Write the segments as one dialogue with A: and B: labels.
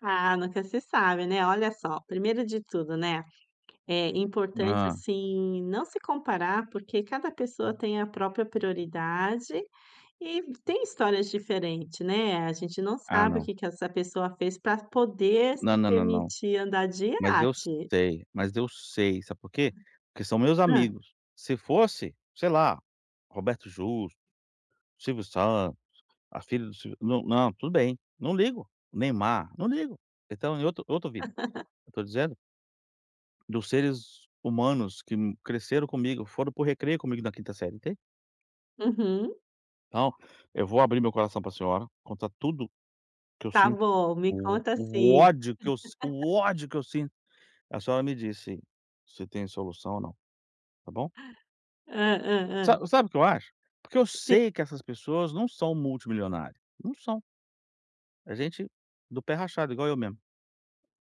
A: Ah, nunca se sabe, né, olha só, primeiro de tudo, né, é importante,
B: Hã.
A: assim, não se comparar, porque cada pessoa tem a própria prioridade, e tem histórias diferente, né, a gente não
B: Ah
A: sabe o
B: não.
A: que que essa pessoa fez para poder se
B: Na na na não,
A: permitir andar de
B: mas eu
A: iate.
B: sei, mas eu sei, sabe por quê? Porque são meus
A: Hã.
B: amigos, se fosse, sei lá, Roberto Justos, Silvio Santos, a filha do Silvio na não, tudo bem, não ligo, Neymar, não ligo, eles estão em outro outra vida, eu tô dizendo dos seres humanos que n cresceram comigo, foram para o recreio comigo na quinta série, entende?
A: Uhum.
B: Então, eu vou abrir meu coração pra senhora, contar tudo que eu
A: Tá
B: sinto,
A: bom, me
B: o
A: conta
B: o
A: sim.
B: ódio que eu si o ódio que eu sinto, a senhora me disse se se tem solução ou não tá bom?
A: Hã, hã,
B: Sa
A: hã.
B: sabe o que eu acho? Porque eu
A: Sim.
B: sei que essas pessoas não são multimilionárias, não são. É gente do pé rachado, igual eu mesmo.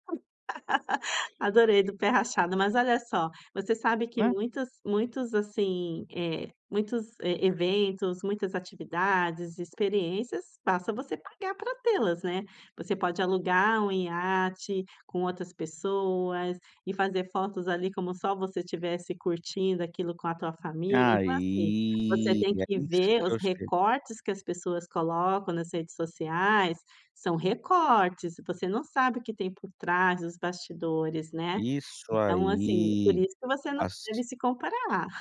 A: Adorei, do pé rachado, mas olha só, você sabe que
B: Né.
A: muitos muitos, assim, eh muitos, e eventos, muitas atividades, experiências, basta você pagar para te-las, né. Você pode alugar um iate com outras pessoas e fazer fotos ali como só você tivesse curtindo aquilo com a tua família, então assim, você
B: Aí,
A: tem
B: é
A: que
B: isso
A: ver
B: que
A: os
B: eu acho que
A: recortes que as pessoas colocam nas redes sociais, são recortes, você não sabe o que tem por trás dos bastidores, né,
B: Isso
A: então assim, por
B: aí,
A: isso que você não deve
B: as
A: se comparar.